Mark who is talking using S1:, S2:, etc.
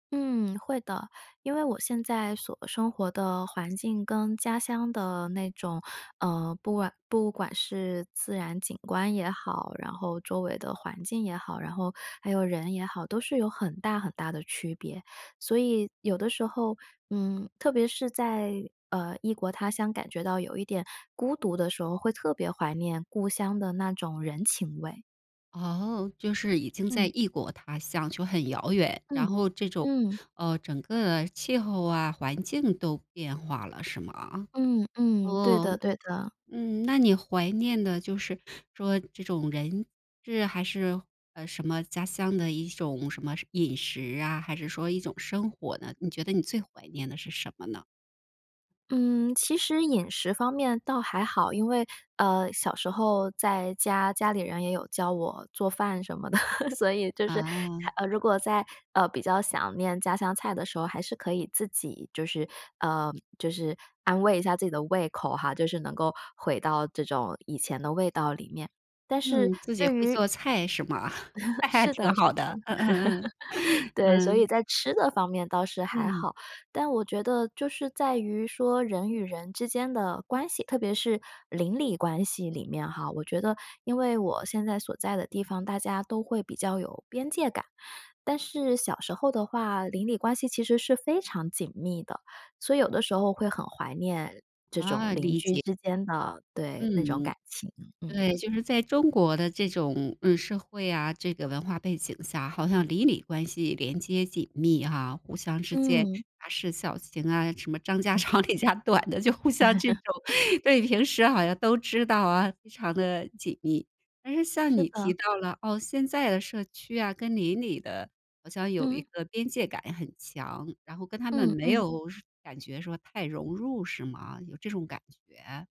S1: 嗯，会的，因为我现在所生活的环境跟家乡的那种呃，不管不管是自然景观也好，然后周围的环境也好，然后还有人也好，都是有很大很大的区别。所以有的时候，嗯，特别是在，呃，异国他乡感觉到有一点孤独的时候，会特别怀念故乡的那种人情味。
S2: 哦，就是已经在
S1: 嗯。
S2: 异国他乡就很遥远，然
S1: 嗯，
S2: 后这种
S1: 嗯。
S2: 呃，整个气候啊，环境都变化了是吗？
S1: 嗯嗯，对
S2: 哦，
S1: 的对的。
S2: 嗯，那你怀念的就是说这种人、事，还是什么家乡的一种什么饮食啊，还是说一种生活呢，你觉得你最怀念的是什么呢？
S1: 嗯，其实饮食方面倒还好，因为，呃，小时候在家，家里人也有教我做饭什么的，所以就是
S2: 啊。
S1: 太如果在呃，比较想念家乡菜的时候，还是可以自己就是呃，就是安慰一下自己的胃口哈。就是能够回到这种以前的味道里面，但是
S2: 嗯，自己
S1: 对
S2: 会
S1: 于
S2: 做菜是吗？那
S1: 是
S2: 挺
S1: 的是
S2: 好
S1: 的。
S2: 的，嗯嗯嗯，
S1: 对，所
S2: 嗯。
S1: 以在吃的方面倒是还
S2: 嗯。
S1: 好。但我觉得就是在于说人与人之间的关系，特别是邻里关系里面哈，我觉得因为我现在所在的地方，大家都会比较有边界感。但是小时候的话，邻里关系其实是非常紧密的，所以有的时候会很怀念这种
S2: 啊，
S1: 邻
S2: 理
S1: 居
S2: 解。
S1: 之间的对，那种
S2: 嗯，
S1: 感情，嗯。
S2: 对，就是在中国的这种，嗯，社会啊，这个文化背景下，好像邻里关系连接紧密哈，互相之间
S1: 嗯。
S2: 杂事小情啊，什么张家 长李家短的，就互相这种。对，平时好像都知道啊，非常地紧密。但是像
S1: 是
S2: 你
S1: 的。
S2: 提到了，哦，现在的社区啊，跟邻里的好像有一
S1: 嗯。
S2: 个边界感很强，然后跟他们
S1: 嗯
S2: 没
S1: 嗯。
S2: 有感觉说太融入，是吗？有这种感觉？